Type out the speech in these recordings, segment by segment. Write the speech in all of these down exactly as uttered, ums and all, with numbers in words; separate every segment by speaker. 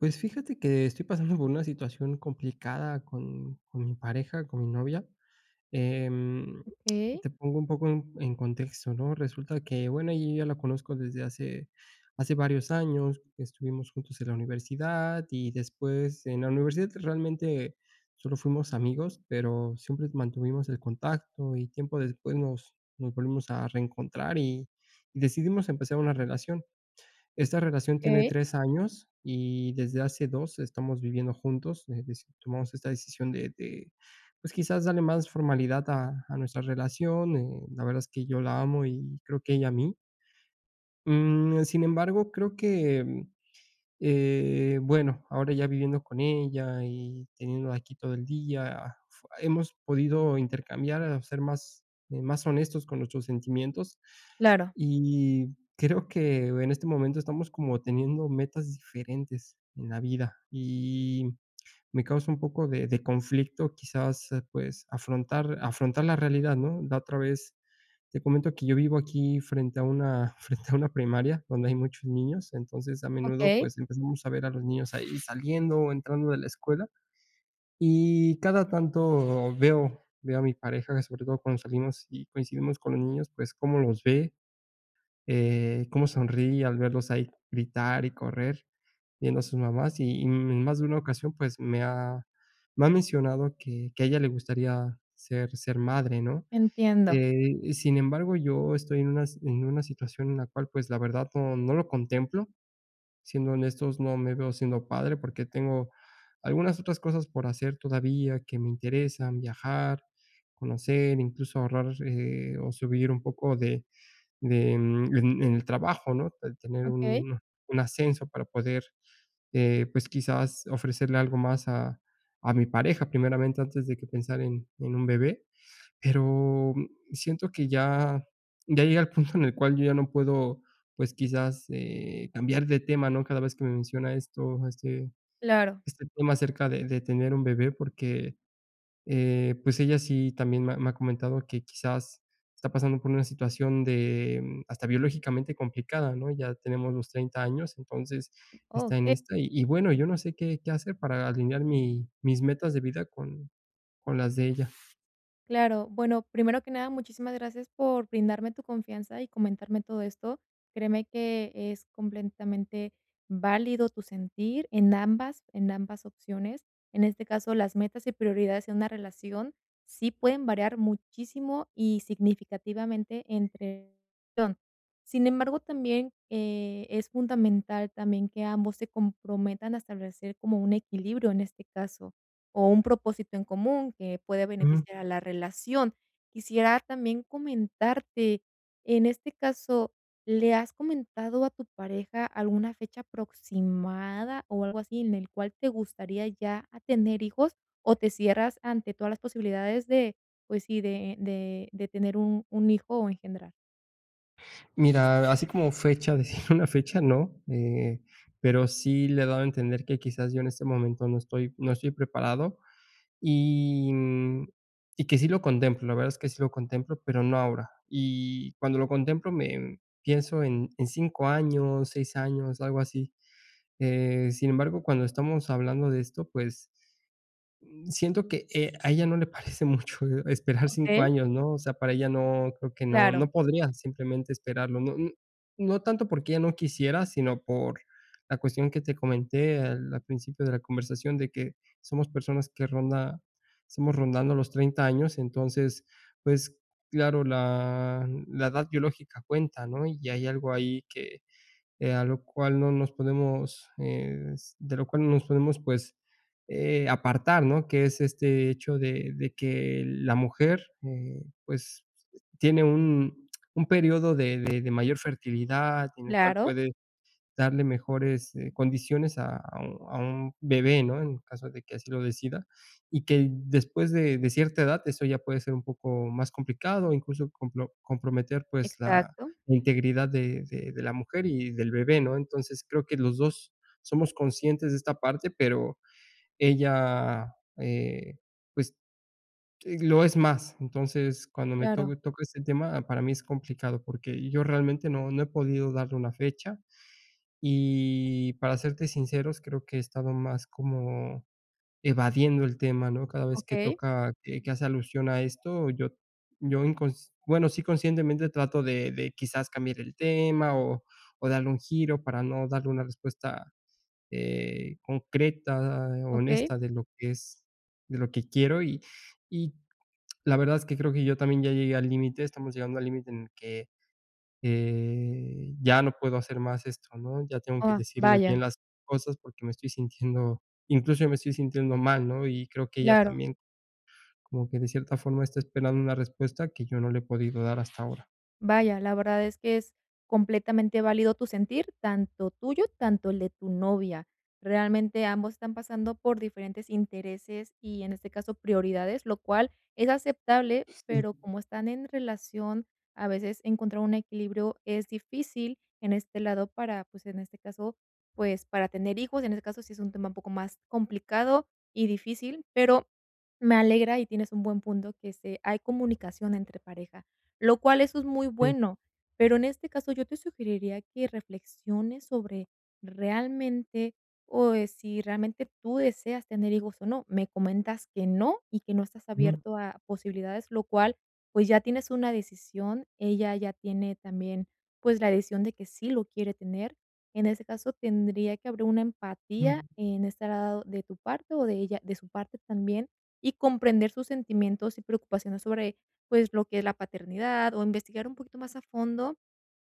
Speaker 1: Pues, fíjate que estoy pasando por una situación complicada con con mi pareja, con mi novia. Em,
Speaker 2: Okey.
Speaker 1: te pongo un poco en en contexto, ¿no? Resulta que, bueno, yo ya la conozco desde hace hace varios años. Estuvimos juntos en la universidad, y después en la universidad realmente solo fuimos amigos, pero siempre mantuvimos el contacto, y tiempo después nos nos volvimos a reencontrar, y y decidimos empezar una relación. Esta relación tiene
Speaker 2: Okey.
Speaker 1: tres años, y desde hace dos estamos viviendo juntos. [unintelligible] Tomamos esta decisión de de, pues, quizás darle más formalidad a a nuestra relación. Eh, la verdad es que yo la amo y creo que ella a mí. Mm. Sin embargo, creo que, eh, bueno, ahora ya viviendo con ella y teniéndola aquí todo el día, hemos podido intercambiar, ser más, más honestos con nuestros sentimientos.
Speaker 2: Claro.
Speaker 1: Y creo que en este momento estamos como teniendo metas diferentes en la vida. Y me causa un poco de de conflicto, quizás, pues, afrontar afrontar la realidad, ¿no? La otra vez te comento que yo vivo aquí frente a una frente a una primaria, donde hay muchos niños. Entonces, a menudo,
Speaker 2: Okey.
Speaker 1: pues, empezamos a ver a los niños ahí saliendo, o entrando de la escuela. Y cada tanto veo veo a mi pareja, sobre todo cuando salimos y coincidimos con los niños, pues, cómo los ve, eh, cómo sonríe al verlos ahí gritar y correr viendo a sus mamás. Y en más de una ocasión, pues, me ha, me ha mencionado que, que a ella le gustaría ser ser madre, ¿no?
Speaker 2: Entiendo.
Speaker 1: Eh, sin embargo, yo estoy en unas en una situación en la cual, pues, la verdad no no lo contemplo. Siendo honestos, no me veo siendo padre, porque tengo algunas otras cosas por hacer todavía que me interesan, viajar, conocer, incluso, ahorrar, eh, o subir un poco de, de, mm, en en el trabajo, ¿no?, tener
Speaker 2: Okey.
Speaker 1: un, un ascenso para poder, eh, pues, quizás, ofrecerle algo más a, a mi pareja, primeramente, antes de que pensar en en un bebé. Pero siento que ya, ya llega el punto en el cual yo ya no puedo, pues, quizás, eh, cambiar de tema, ¿no? Cada vez que me menciona esto, este,
Speaker 2: Claro.
Speaker 1: este tema acerca de de tener un bebé, porque, eh, pues ella sí también me me ha comentado que, quizás, está pasando por una situación de hasta biológicamente complicada, ¿no? Ya tenemos los treinta años, entonces está en
Speaker 2: Okey.
Speaker 1: esta. Y bueno, yo no sé qué qué hacer para alinear mi mis metas de vida con, con las de ella.
Speaker 2: Claro, bueno, primero que nada, muchísimas gracias por brindarme tu confianza y comentarme todo esto. Créeme que es complentamente válido tu sentir en ambas en ambas opciones. En este caso, las metas y prioridades en una relación sí pueden variar muchísimo y significativamente entre [unintelligible] Sin embargo, también, eh, es fundamental también que ambos se comprometan a establecer como un equilibrio, en este caso, o un propósito en común que puede
Speaker 1: Ujú.
Speaker 2: beneficiar a la relación. Quisiera también comentarte, en este caso, ¿le has comentado a tu pareja alguna fecha aproximada o algo así, en el cual te gustaría ya a tener hijos, o te cierras ante todas las posibilidades de, pues sí, de de de tener un un hijo, o engendrar?
Speaker 1: Mira, así como fecha, decir una fecha, no, eh, pero sí le he dado a entender que quizás yo en este momento no estoy no estoy preparado. Y, mm, y que sí lo contemplo, la verdad es que sí lo contemplo, pero no ahora. Y cuando lo contemplo me pienso en en cinco años, seis años, algo así. Eh, sin embargo, cuando estamos hablando de esto, pues, mm, siento que, eh, a ella no le parece mucho, eh, esperar cinco
Speaker 2: Okey.
Speaker 1: años, ¿no?, o sea, para ella no creo que no
Speaker 2: Claro.
Speaker 1: no podría simplemente esperarlo. No n no tanto porque ella no quisiera, sino por la cuestión que te comenté al al principio de la conversación de que somos personas que ronda estamos rondando los treinta años. Entonces, pues, claro, la la edad biológica cuenta, ¿no?, y hay algo ahí que, eh, a lo cual no nos podemos es de lo cual no nos podemos, pues, eh, apartar, ¿no?, que es este hecho de de que la mujer, eh, pues, tiene un un periodo de de de mayor fertilidad en el cual
Speaker 2: Claro.
Speaker 1: puede darle mejores, eh, condiciones a a u a un bebé, ¿no?, en caso de que así lo decida. Y que después de de cierta edad, eso ya puede ser un poco más complicado, incluso, complo comprometer, pues, la
Speaker 2: Exacto.
Speaker 1: integridad de de de la mujer y del bebé, ¿no? Entonces, creo que los dos somos conscientes de esta parte, pero ella, eh, pues, lo es más. Entonces, cuando me to
Speaker 2: Claro.
Speaker 1: toca ese tema, ah, para mí es complicado porque yo realmente no no he podido darle una fecha, y para serte sinceros, creo que he estado más como evadiendo el tema, ¿no?, cada vez que
Speaker 2: Okey.
Speaker 1: toca que que hace alusión a esto, yo yo incons bueno, sí, conscientemente trato de de, quizás, cambiar el tema, o o darle un giro para no darle una respuesta, eh, concreta,
Speaker 2: Okey.
Speaker 1: honesta de lo que es de lo que quiero. Y y la verdad, es que creo que yo también ya llegué al límite, estamos llegando al límite en el que, eh, ya no puedo hacer más esto, ¿no?, ya tengo que
Speaker 2: Ah,
Speaker 1: decirle bien
Speaker 2: vaya.
Speaker 1: las cosas porque me estoy sintiendo, incluso yo me estoy sintiendo mal, ¿no?, y creo que ella
Speaker 2: Claro.
Speaker 1: también como que de cierta forma está esperando una respuesta que yo no le he podido dar hasta ahora.
Speaker 2: Vaya, la verdad es que es completamente válido tu sentir, tanto tuyo, tanto el de tu novia. Realmente, ambos están pasando por diferentes intereses y, en este caso, prioridades, lo cual es aceptable,
Speaker 1: Pues sí.
Speaker 2: pero como están en relación, a veces encontrar un equilibrio es difícil en este lado para pues, en este caso, pues, para tener hijos. En este caso, sí es un tema un poco más complicado y difícil, pero me alegra, y tienes un buen punto que es eh, hay comunicación entre pareja, lo cual eso es muy
Speaker 1: Sí.
Speaker 2: bueno. Pero, en este caso, yo te sugeriría que reflexiones sobre realmente, o eh, si realmente tú deseas tener hijos o no, me comentas que no, y que no estás
Speaker 1: Ujú.
Speaker 2: abierto a posibilidades, lo cual, pues, ya tienes una decisión, ella ya tiene también, pues, la decisión de que sí lo quiere tener. En ese caso, tendría que haber una empatía
Speaker 1: Mm.
Speaker 2: en estar a lado de tu parte o de ella de su parte también, y comprender sus sentimientos y preocupaciones sobre, pues, lo que es la paternidad, o investigar un poquito más a fondo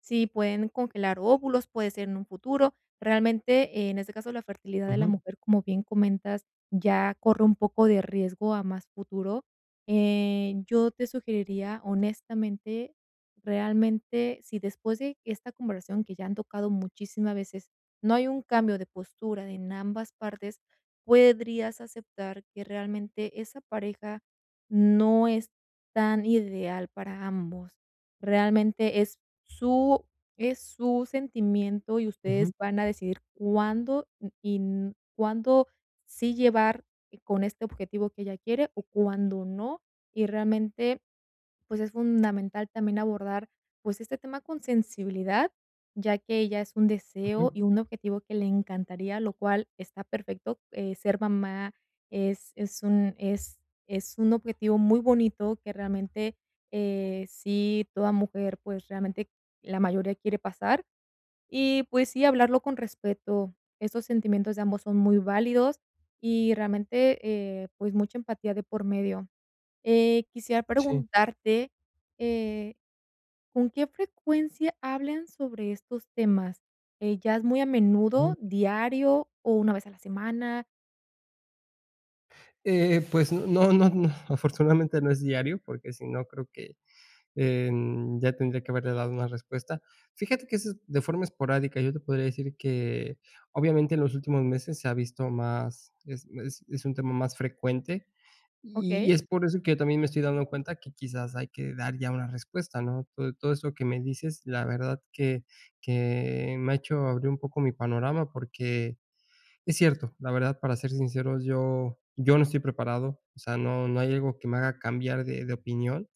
Speaker 2: si pueden congelar óvulos, puede ser en un futuro. Realmente, en ese caso, la fertilidad de la
Speaker 1: Ujú.
Speaker 2: mujer, como bien comentas, ya corre un poco de riesgo a más futuro. Eh, yo te sugeriría, honestamente, realmente, si después de esta conversación que ya han tocado muchísima veces, no hay un cambio de postura en ambas partes, puedrías aceptar que, realmente, esa pareja no es tan ideal para ambos. Realmente, es su es su sentimiento, y ustedes
Speaker 1: Ujú.
Speaker 2: van a decidir cuándo, mm, y, mm, cuándo sí llevar, eh, con este objetivo que ella quiere, o cuándo no. Y, realmente, pues, es fundamental también abordar, pues, este tema con sensibilidad, ya que ya es un deseo y
Speaker 1: Ujú.
Speaker 2: un objetivo que le encantaría, lo cual está perfecto, eh, ser mamá es es un es es un objetivo muy bonito que, realmente, eh, sí, toda mujer, pues, realmente, la mayoría quiere pasar. Y, pues sí, hablarlo con respeto. Esos sentimientos de ambos son muy válidos y, realmente, eh, pues mucha empatía de por medio. Eh, quisiera
Speaker 1: Sí.
Speaker 2: preguntarte, eh, ¿con qué frecuencia hablen sobre estos temas, eh, ya es muy a
Speaker 1: Ujú.
Speaker 2: menudo, diario o una vez a la semana?
Speaker 1: Eh, pues, no no no, afortunadamente, no es diario, porque si no, creo que, em, ya tendría que haberle dado una respuesta. Fíjate que eso es de forma esporádica. Yo te podría decir que, obviamente, en los últimos meses se ha visto más es es es un tema más frecuente. Y y
Speaker 2: Okey.
Speaker 1: es por eso que yo también me estoy dando cuenta que quizás hay que dar ya una respuesta, ¿no? Todo todo eso que me dices, la verdad que que me ha hecho abrir un poco mi panorama. Porque es cierto, la verdad, para ser sinceros, yo yo no estoy preparado, o sea, no no hay algo que me haga cambiar de de opinión.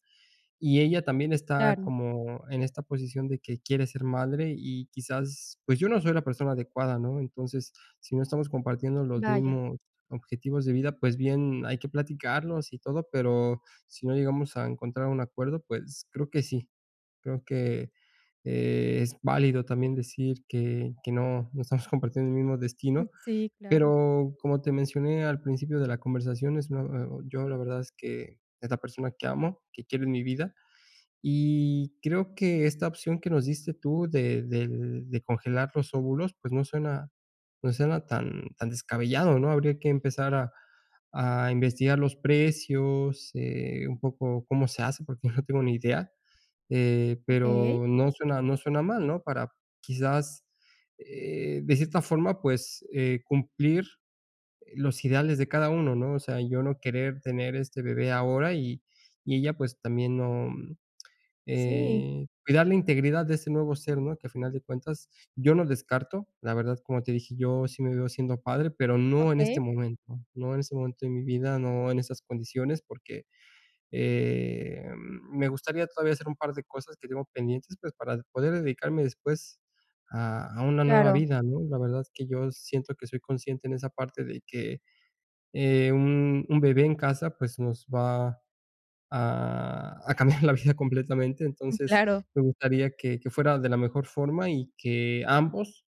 Speaker 1: Y ella también está
Speaker 2: Claro.
Speaker 1: como en esta posición de que quiere ser madre y quizás, pues, yo no soy la persona adecuada, ¿no? Entonces, si no estamos compartiendo los
Speaker 2: Vaya.
Speaker 1: mismos objetivos de vida, pues, bien hay que platicarlos y todo. Pero si no llegamos a encontrar un acuerdo, pues, creo que sí, creo que, eh, es válido también decir que que no, no estamos compartiendo el mismo
Speaker 2: Mm,
Speaker 1: destino.
Speaker 2: sí, claro.
Speaker 1: Pero como te mencioné al principio de la conversación, es muy, eh, oh, yo, la verdad, es que, es la persona que amo, que quiero en mi vida. Y creo que esta opción que nos diste tú de de de congelar los óvulos, pues, no suena no suena tan tan descabellado, ¿no? Habría que empezar a a investigar los precios, eh, un poco cómo se hace, porque no tengo ni idea. Eh,
Speaker 2: Okey.
Speaker 1: pero no suena no suena mal, ¿no? Para quizás, eh, de cierta forma, pues, eh, cumplir los ideales de cada uno, ¿no? O sea, yo no querer tener este bebé ahora y y ella, pues, también no,
Speaker 2: Sí.
Speaker 1: eh, cuidar la integridad de ese nuevo ser, ¿no?, que al final de cuentas, yo no descarto, la verdad, como te dije, yo sí me veo siendo padre, pero no en este
Speaker 2: Okey.
Speaker 1: momento, no en este momento de mi vida, no en esas condiciones, porque, eh, me gustaría todavía hacer un par de cosas que tengo pendientes, pues, para poder dedicarme después a a una nueva
Speaker 2: Claro.
Speaker 1: vida, ¿no? La verdad es que yo siento que soy consciente en esa parte de que, eh, un un bebé en casa, pues, nos va a a cambiar la vida completamente.
Speaker 2: Mm,
Speaker 1: Entonces,
Speaker 2: claro.
Speaker 1: me gustaría que que fuera de la mejor forma y que ambos,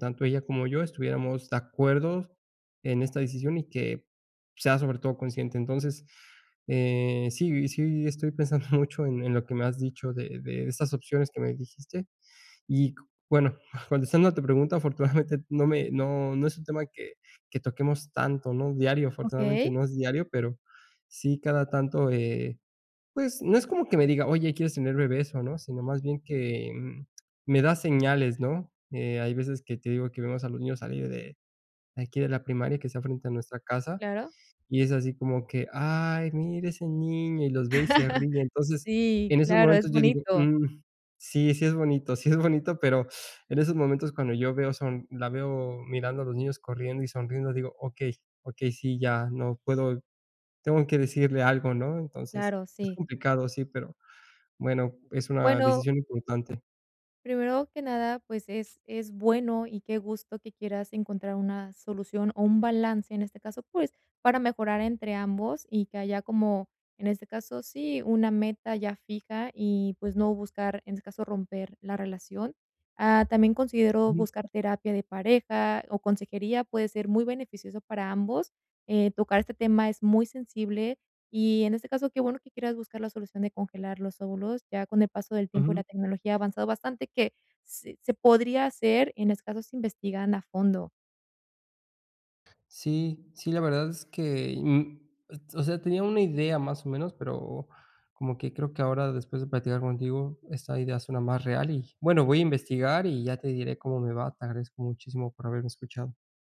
Speaker 1: tanto ella como yo, estuviéramos de acuerdo en esta decisión y que sea, sobre todo, consciente. Entonces, eh, sí, sí estoy pensando mucho en en lo que me has dicho de de esas opciones que me dijiste. Y cu bueno, contestando a tu pregunta, afortunadamente, no me no no es un tema que que toquemos tanto, ¿no?, diario, afortunadamente,
Speaker 2: Okey.
Speaker 1: no es diario, pero sí cada tanto, eh, pues, no es como que me diga: "Oye, ¿quieres tener bebés o no?" Sino más bien que me da señales, ¿no? Eh, hay veces que te digo que vemos a los niños salir de de aquí de la primaria que está frente a nuestra casa,
Speaker 2: Claro.
Speaker 1: y es así como que, ay, mira ese niño, y los ve y se ríe. Entonces,
Speaker 2: Sí,
Speaker 1: en esos
Speaker 2: claro, es
Speaker 1: momentos yo digo,
Speaker 2: bonito.
Speaker 1: mm, sí, sí es bonito, sí es bonito, pero en esos momentos cuando yo veo son la veo mirando a los niños corriendo y sonriendo, digo: 2Okey okey. Sí, ya. No puedo, tengo que decirle algo, ¿no?" Entonces,
Speaker 2: Claro,
Speaker 1: es
Speaker 2: sí.
Speaker 1: complicado, sí, pero, bueno, es una
Speaker 2: Bueno
Speaker 1: decisión importante.
Speaker 2: primero que nada, pues, es es bueno y qué gusto que quieras encontrar una solución o un balance, en este caso, pues, para mejorar entre ambos y que haya como, en este caso, sí, una meta ya fija y, pues, no buscar, en este caso, romper la relación. Ah, también considero
Speaker 1: Ujú.
Speaker 2: buscar terapia de pareja o consejería, puede ser muy beneficioso para ambos. Eh, tocar este tema es muy sensible y en este caso, qué bueno que quieras buscar la solución de congelar los óvulos, ya con el paso del tiempo y
Speaker 1: Ujú.
Speaker 2: la tecnología ha avanzado bastante, que s se podría hacer, en estos casos, investigando a fondo.
Speaker 1: Sí, sí, la verdad es que y, mm ot o sea, tenía una idea, más o menos, pero como que creo que ahora después de platicar contigo, esta idea suena más real y, bueno, voy a investigar y ya te diré cómo me va. Te agradezco muchísimo por haberme escuchado.